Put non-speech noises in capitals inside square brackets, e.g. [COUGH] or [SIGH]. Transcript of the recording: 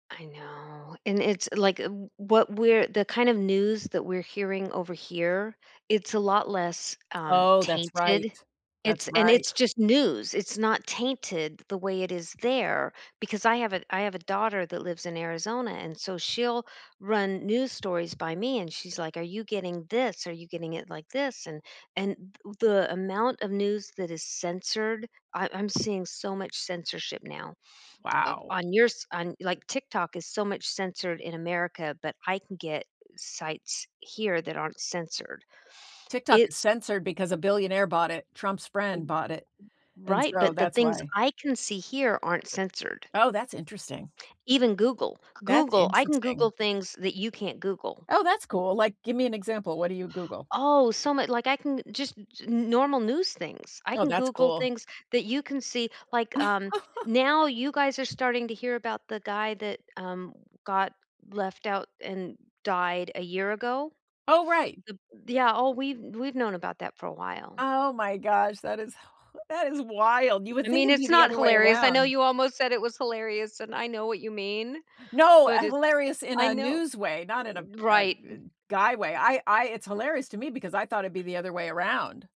I know, and it's like uh, what we're the kind of news that we're hearing over here, it's a lot less, um, Oh, that's right. tainted. That's It's and right. it's just news, it's not tainted the way it is there because I have a I have a daughter that lives in Arizona, and so she'll run news stories by me, and she's like, "Are you getting this? Are you getting it like this and" And th the amount of news that is censored I I'm seeing so much censorship now. Of Wow. on yours on, like, TikTok is so much censored in America, but I can get sites here that aren't censored. TikTok is It's censored because a billionaire bought it. Trump's Eh, eh, friend bought it, and right, so but the that's things why. I can see here aren't censored. Oh, that's interesting. Even Google. That's Google I can Google interesting. things that you can't Google. Oh, that's cool, like, give me an example. What do you Google? Oh, so mu like, I can, eh, just n normal news things, I Oh, can that's Google cool. things that you can see like, um, [LAUGHS] now you guys are starting to hear about the guy that, um, got left out and died a year ago. Oh, right. Th Yeah, oh, we've we've known about that for a while. Oh my gosh, that is hi that is wild, you would I think mean, it'd be it's the not other way hilarious, I know around. you almost said it was hilarious, and I know what you mean. No, eh, But it hilarious in I a know news way, not in a a right. eh, guy way, I I it's hilarious to me because I thought it'd be the other way around.